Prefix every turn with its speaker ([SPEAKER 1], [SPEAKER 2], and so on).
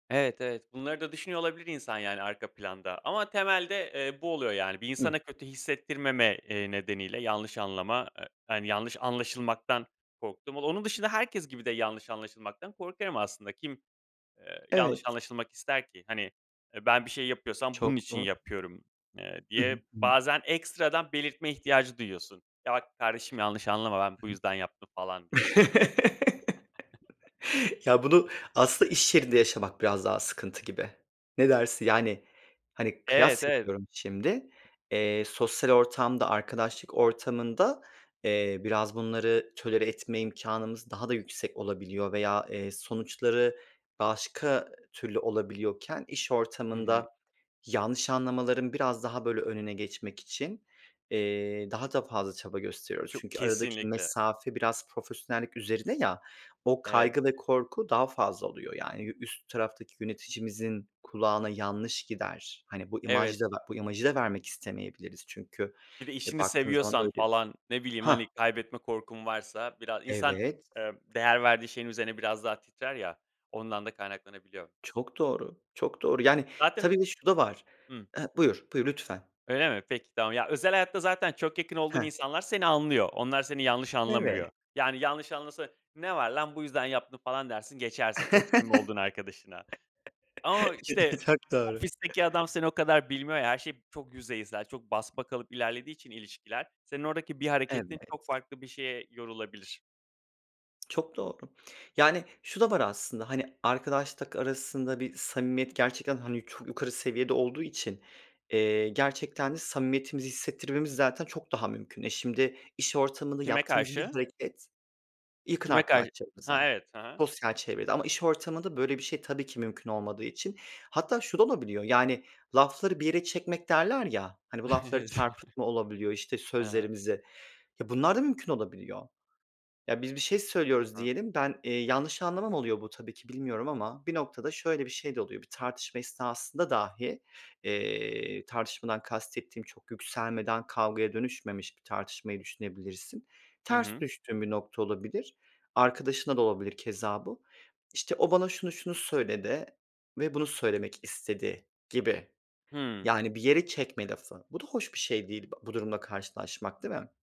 [SPEAKER 1] Evet, evet. Bunları da düşünüyor olabilir insan yani, arka planda ama temelde, eee, bu oluyor yani. Bir
[SPEAKER 2] Hıh.
[SPEAKER 1] insana kötü hissettirmeme, eee, nedeniyle; yanlış anlama, eee, hani, yanlış anlaşılmaktan korktum. O onun dışında herkes gibi de yanlış anlaşılmaktan korkarım aslında. Kim, eee, yanlış
[SPEAKER 2] Evet.
[SPEAKER 1] anlaşılmak ister ki? Hani, eee, "Ben bir şey yapıyorsam, bunun
[SPEAKER 2] Çok
[SPEAKER 1] için
[SPEAKER 2] zor.
[SPEAKER 1] yapıyorum." eee,
[SPEAKER 2] Hı
[SPEAKER 1] diye
[SPEAKER 2] hı. Hımm.
[SPEAKER 1] bazen ekstradan belirtme ihtiyacı duyuyorsun. "Ya, bak, kardeşim, yanlış anlama ben bu
[SPEAKER 2] Hı
[SPEAKER 1] yüzden yaptım." falan diye.
[SPEAKER 2] hı. Ya, bunu aslında iş yerinde yaşamak biraz daha sıkıntı gibi. Ne dersin? Yani, hani,
[SPEAKER 1] Evet,
[SPEAKER 2] kıyas
[SPEAKER 1] ev
[SPEAKER 2] yapıyorum şimdi. Eee, sosyal ortamda, arkadaşlık ortamında eee, biraz bunları tolere etme imkânımız daha da yüksek olabiliyor veya, eee, sonuçları başka türlü olabiliyorken, iş
[SPEAKER 1] Hı hı.
[SPEAKER 2] ortamında yanlış anlamaların biraz daha böyle önüne geçmek için, eee, daha da fazla çaba gösteriyoruz.
[SPEAKER 1] Çok
[SPEAKER 2] Çünkü aradaki
[SPEAKER 1] Kesinlikle.
[SPEAKER 2] mesafe biraz profesyonellik üzerine ya, o
[SPEAKER 1] Evet.
[SPEAKER 2] kaygı ve korku daha fazla oluyor. Yani, yü üst taraftaki yöneticimizin kulağına yanlış gider. Hani, bu
[SPEAKER 1] Evet.
[SPEAKER 2] imajda bu imajı da vermek istemeyebiliriz. Çünkü,
[SPEAKER 1] Bir de
[SPEAKER 2] eee,
[SPEAKER 1] işini
[SPEAKER 2] baktığın zaman
[SPEAKER 1] seviyorsan,
[SPEAKER 2] öyle.
[SPEAKER 1] falan ne bileyim,
[SPEAKER 2] Hah.
[SPEAKER 1] hani, kaybetme korkun varsa bira İnsan,
[SPEAKER 2] Evet.
[SPEAKER 1] ııı, değer verdiği şeyin üzerine biraz daha titrer ya, ondan da kaynaklanabiliyor.
[SPEAKER 2] Çok doğru. Çok doğru. Yani,
[SPEAKER 1] Zaten üz
[SPEAKER 2] tabii bir de şu da var.
[SPEAKER 1] Hımm.
[SPEAKER 2] Eee, buyur, buyur, lütfen.
[SPEAKER 1] Öyle mi? Peki tamam. Ya, özel hayatta zaten çok yakın
[SPEAKER 2] He.
[SPEAKER 1] olduğun insanlar seni anlıyor. Onlar seni yanlış anlamıyor.
[SPEAKER 2] Eve
[SPEAKER 1] Yani, yanlış anlasa; "Ne var lan, bu yüzden yaptım." falan dersin geçersin, çok samimi olduğun arkadaşına. Ama işte,
[SPEAKER 2] Çok doğru.
[SPEAKER 1] ofisteki adam seni o kadar bilmiyor ya her şey çok yüzeysel; çok basmakalıp ilerlediği için ilişkiler. Senin oradaki bir hareketin, çok
[SPEAKER 2] Evet.
[SPEAKER 1] farklı bir şeye yorulabilir.
[SPEAKER 2] Çok doğru. Yani, şu da var aslında. Hani, arkadaşlık arasında bir samimiyet, gerçekten hani, çok yukarı seviyede olduğu için, eee, gerçekten de samimiyetimizi hissettirmemiz zaten çok daha mümkün. E, şimdi iş ortamında
[SPEAKER 1] Kime
[SPEAKER 2] yaptığımız bir
[SPEAKER 1] karşı?
[SPEAKER 2] hareket, yakın
[SPEAKER 1] Kime kar Ha,
[SPEAKER 2] arkadaşlarımıza,
[SPEAKER 1] evet. Ha ha.
[SPEAKER 2] sosyal çevrede... Ama iş ortamında böyle bir şey tabii ki, mümkün olmadığı için, hatta şu da olabiliyor; yani lafları bir yere çekmek derler ya, hani, bu lafları çarpıtma olabiliyor, işte
[SPEAKER 1] [unintelligible] Hı hı.
[SPEAKER 2] sözlerimizi. Ya, bunlar da mümkün olabiliyor. Ya, biz bir şey
[SPEAKER 1] Hı
[SPEAKER 2] söylüyoruz
[SPEAKER 1] hı.
[SPEAKER 2] diyelim, ben, eee; yanlış anlama mı oluyor bu tabii ki, bilmiyorum ama, bir noktada şöyle bir şey de oluyor. Bir tartışma esnasında dahi, eee, tartışmadan kastettiğim çok yükselmeden, kavgaya dönüşmemiş bir tartışmayı düşünebilirsin.
[SPEAKER 1] Hı
[SPEAKER 2] Ters
[SPEAKER 1] hı.
[SPEAKER 2] düştüğün bir nokta olabilir. Arkadaşınla da olabilir keza bu. İşte o, bana şunu şunu söyledi ve bunu söylemek istedi gibi.
[SPEAKER 1] Hıı.
[SPEAKER 2] Yani, bir yere çekme lafı. Bu da hoş bir şey değil, b bu durumla karşılaşmak, değil mi?